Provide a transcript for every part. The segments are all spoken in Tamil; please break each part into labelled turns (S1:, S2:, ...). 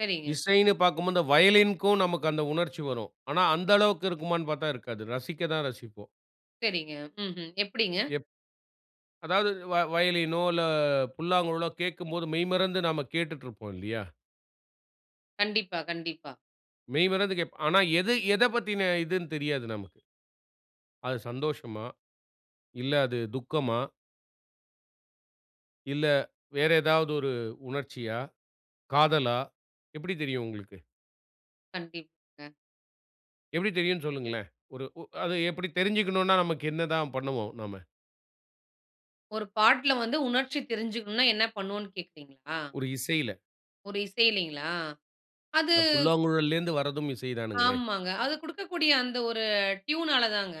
S1: சரிங்க.
S2: இசைன்னு பாக்கும்போது இந்த வயலின்க்கும், நமக்கு அந்த உணர்ச்சி வரும். ஆனா, அந்த அளவுக்கு இருக்குமான்னு பாத்தா இருக்காது. ரசிக்க தான் ரசிப்போம்.
S1: சரிங்க, ம்ஹ்ம். எப்டிங்க?
S2: எப் அதாவது வ வயலினோ, இல்ல புல்லாங்குழலோ கேக்கும்போது, மெய்மறந்து நாம கேட்டுட்ருப்போம் இல்லயா?
S1: கண்டிப்பா கண்டிப்பா.
S2: மெய்மறந்து கேட்போ, ஆனா எது எத பத்தின இதுன்னு தெரியாது நமக்கு. அது சந்தோஷமா? இல்ல அது துக்கமா? இல்ல வேற ஏதாவது ஒரு உணர்ச்சியா? காதலா? எப்டி தெரியும் உங்களுக்கு?
S1: கண்டிப்பாங்க.
S2: எப்டி தெரியும்ன்னு சொல்லுங்களேன். ஒரு ஒ அத எப்டி தெரிஞ்சிக்கணும்னா நமக்கு என்ன தான் பண்ணுவோம் நாம?
S1: ஒரு பாட்டுல வந்து, உணர்ச்சி தெரிஞ்சுக்கனுன்னா என்ன பண்ணுவோன்னு கேக்குகிறீங்களா?
S2: ஒரு இசையில
S1: ஒரு இசைலைங்களா? அது
S2: அந்தப் புல்லாங்குழலேந்து வரதும் இசைதானுங்களே!
S1: ஆமாங்க. அது குடுக்கக்கூடிய அந்த ஒரு, அ ட்யூனால தாங்க.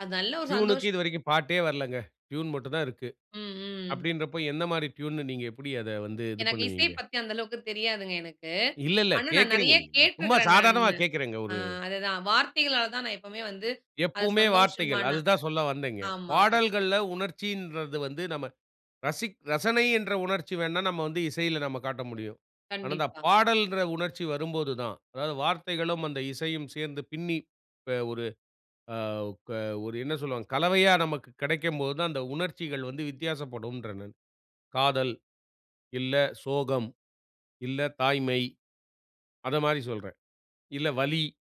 S1: அது நல்ல ஒரு சந்தோஷ
S2: ட்யூனுக்கு இதுவரைக்கும் பாட்டே வரலங்க. ட்யூன் மட்டும் தான் இருக்கு.
S1: ம், ம்.
S2: அப்டின்றப்போ, எந்த மாரி ட்யூன்ன்னு நீங்க எப்டி அத வந்து இது
S1: எனக்கு இசை
S2: பண்ணுவீங்க?
S1: பத்தி அந்த அளவுக்கு தெரியாதுங்க. எனக்கு
S2: இல்ல இல்ல
S1: ஆனா, நான்
S2: கேக்குறீங்க.
S1: நெறைய
S2: நீங்க சும்மா
S1: கேட்டுருக்கிறேன்.
S2: சாதாரணமா
S1: நானு
S2: கேக்குறேங்க
S1: அ
S2: ஒரு
S1: அதுதான் வார்த்தைகளால தான் நான் எப்பவுமே வந்து அது
S2: எப்பவுமே வார்த்தைகள்.
S1: சந்தோஷமான
S2: அது தான் சொல்ல வந்தேன்ங்க,
S1: ஆமாங்க.
S2: பாடல்கள்ல உணர்ச்சின்றது வந்து நம்ம ரசிக் ரசனை என்ற உணர்ச்சி வேண்ணா நம்ம வந்து இசையில நம்ம காட்ட முடியும். ஆனா, இந்தப்
S1: கண்டிப்பா.
S2: பாடல்ன்ற உணர்ச்சி வரும்போது தான். அதாவது, வார்த்தைகளும் அந்த இசையும் சேர்ந்து பின்னிப் ப ஒரு அ ப ஒரு என்ன சொல்லுவாங்க கலவையா நமக்குக் கெடைக்கும் போது தான் அந்த உணர்ச்சிகள் வந்து வித்தியாசப்படும்றேன் நான். காதல், இல்ல சோகம், இல்ல தாய்மை. அத மாதிரி சொல்றேன். இல்ல வலி.